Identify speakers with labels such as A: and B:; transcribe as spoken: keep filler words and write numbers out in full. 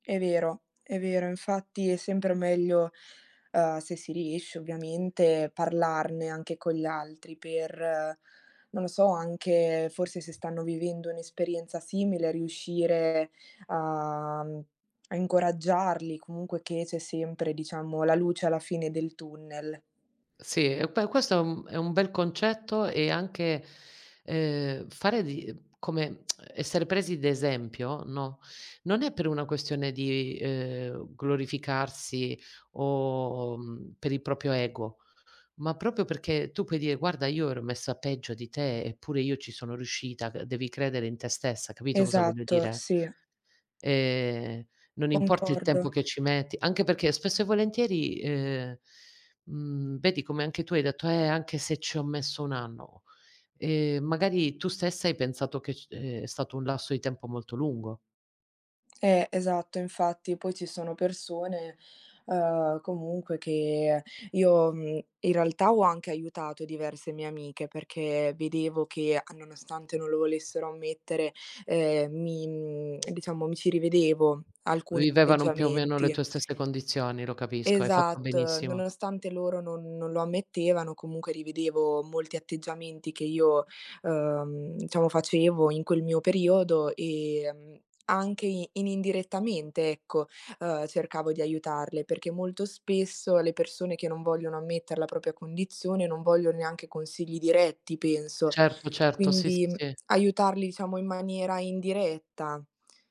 A: È vero, è vero. Infatti è sempre meglio, uhm, se si riesce. ovviamente, parlarne anche con gli altri per, non lo so, anche, forse, se stanno vivendo un'esperienza simile, riuscire a, mhmm a incoraggiarli, comunque, che c'è sempre, diciamo, la luce alla fine del tunnel.
B: Sì, e poi questo è un è un bel concetto e anche, ehm, fare di, uhm come essere presi d'esempio, no, non è per una questione di, ehm, glorificarsi o, mhmm, per il proprio ego, ma proprio perché tu puoi dire: "Guarda, io ero messa peggio di te, eppure io ci sono riuscita, c devi credere in te stessa.", capito cosa voglio
A: Esatto,
B: dire?
A: sì.
B: Ehm, non importa il
A: Concordo.
B: tempo che ci metti, anche perché, spesso e volentieri, ehm, mhmm, vedi come anche tu hai detto: "Eh, anche se ci ho messo un anno." Ehm, magari, tu stessa hai pensato che c ehm, è stato un lasso di tempo molto lungo.
A: Eh, esatto, infatti, poi ci sono persone, uhm, comunque che io, mhmm, in realtà, ho anche aiutato diverse mie amiche, perché vedevo che, nonostante non lo volessero ammettere, ehm, mi, mhmm, diciamo, mi ci rivedevo, alcuni
B: Vivevano più o meno le
A: atteggiamenti.
B: tue stesse condizioni, lo capisco. Hai fatto
A: Esatto,
B: benissimo.
A: nonostante loro non non lo ammettevano, comunque, rivedevo molti atteggiamenti che io, uhm, diciamo, facevo in quel mio periodo, ehm, anche inindirettamente, ecco, uhm, cercavo di aiutarle, perché molto spesso le persone che non vogliono ammettere la propria condizione non voglion neanche consigli diretti, penso.
B: Certo, certo. Sì,
A: Quindi,
B: sì,
A: mhmm,
B: sì.
A: aiutarli, diciamo, in maniera indiretta.